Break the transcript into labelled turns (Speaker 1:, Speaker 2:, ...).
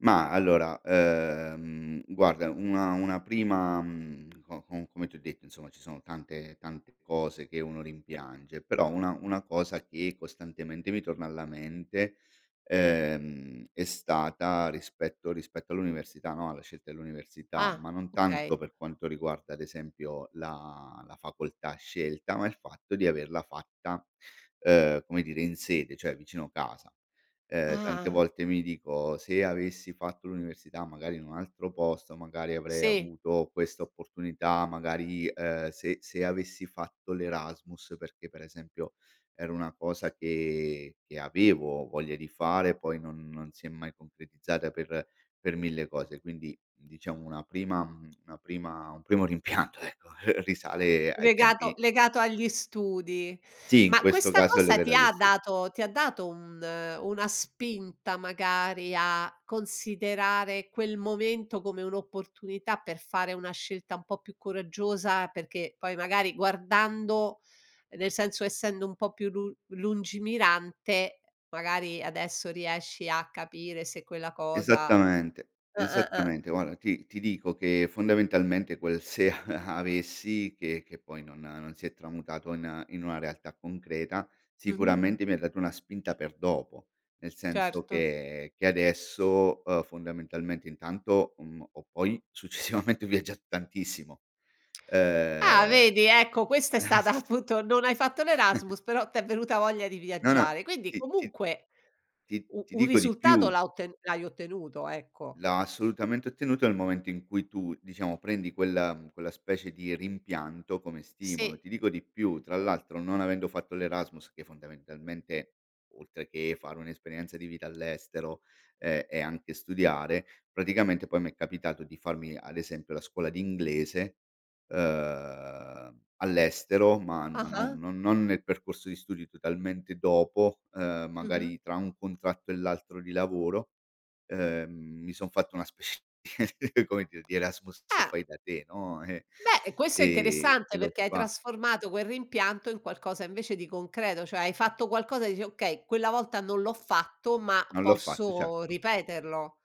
Speaker 1: Ma allora, ehm, guarda una una prima mhmm, co co come ti ho detto insomma ci sono tante tante cose che uno rimpiange; però una una cosa che costantemente mi torna alla mente, ehm, è stata rispetto rispetto all'università, no, alla scelta dell'università,
Speaker 2: Ah.
Speaker 1: ma non tanto
Speaker 2: Okay.
Speaker 1: per quanto riguarda ad esempio la la facoltà scelta, ma il fatto di averla fatta, ehm, come dire, in sede, cioè, vicino casa. Ehm, tante
Speaker 2: Ah.
Speaker 1: volte mi dico: "Se avessi fatto l'università magari in un altro posto, magari avrei
Speaker 2: Sì.
Speaker 1: avuto questa opportunità, magari, ehm, se se avessi fatto l'Erasmus", perché per esempio, era una cosa che che avevo voglia di fare, poi non non si è mai concretizzata per per 1000 cose; quindi diciamo, mhmm, una prima una prima un primo rimpianto ecco, risale, ehm, ai
Speaker 2: Legato
Speaker 1: tempi
Speaker 2: legato agli studi.
Speaker 1: Sì, in
Speaker 2: Ma
Speaker 1: questo
Speaker 2: questa
Speaker 1: caso è
Speaker 2: cosa
Speaker 1: legata
Speaker 2: ti
Speaker 1: agli
Speaker 2: ha
Speaker 1: stu
Speaker 2: dato ti ha dato un una spinta magari a considerare quel momento come un'opportunità per fare una scelta un po' più coraggiosa, perché poi magari guardando nel senso essendo un po' più lu lungimirante, magari adesso riesci a capire se quella cosa
Speaker 1: Esattamente,
Speaker 2: ah-ah, ah.
Speaker 1: esattamente. Guarda ti ti dico che fondamentalmente, quel se a avessi, che che poi non non si è tramutato in in una realtà concreta,
Speaker 2: Mh-mh.
Speaker 1: sicuramente mi ha dato una spinta per dopo. Nel senso
Speaker 2: Certo.
Speaker 1: che che adesso, uhm, fondamentalmente intanto, mhmm, ho poi successivamente viaggiato tantissimo.
Speaker 2: Ah
Speaker 1: Ehm
Speaker 2: vedi, ecco, questa è stata
Speaker 1: s
Speaker 2: appunto non hai fatto l'Erasmus, però t'è venuta voglia di
Speaker 1: No, no.
Speaker 2: viaggiare. Quindi
Speaker 1: Ti ti
Speaker 2: comunque,
Speaker 1: ti
Speaker 2: u
Speaker 1: ti
Speaker 2: un
Speaker 1: dico di
Speaker 2: risultato
Speaker 1: più
Speaker 2: la otten l'hai ottenuto, ecco.
Speaker 1: La assolutamente ottenuto nel momento in cui tu, diciamo, prendi quella, mhmm quella specie di rimpianto come stimolo.
Speaker 2: Sì.
Speaker 1: Ti dico di più: tra l'altro non avendo fatto l'Erasmus che fondamentalmente, oltre che fare un'esperienza di vita all'estero, ehm, e anche studiare, praticamente poi mi è capitato di farmi, ad esempio, la scuola di inglese, uhm, all'estero, ma ma non
Speaker 2: Ah-ah.
Speaker 1: non non nel percorso di studio, totalmente dopo, ehm,
Speaker 2: Mh-mh.
Speaker 1: magari tra un contratto e l'altro di lavoro, ehm, mi son fatto una specie di come dir di Erasmus
Speaker 2: Eh.
Speaker 1: fai da te no, eh.
Speaker 2: Beh, eh, questo è
Speaker 1: Ehm, e
Speaker 2: interessante
Speaker 1: l'ho
Speaker 2: perché hai
Speaker 1: fa
Speaker 2: trasformato quel rimpianto in qualcosa invece di concreto; cioè hai fatto qualcosa e dici: "Okay, quella volta non l'ho fatto, ma
Speaker 1: Non l'ho fatto,
Speaker 2: posso
Speaker 1: certo.
Speaker 2: ripeterlo".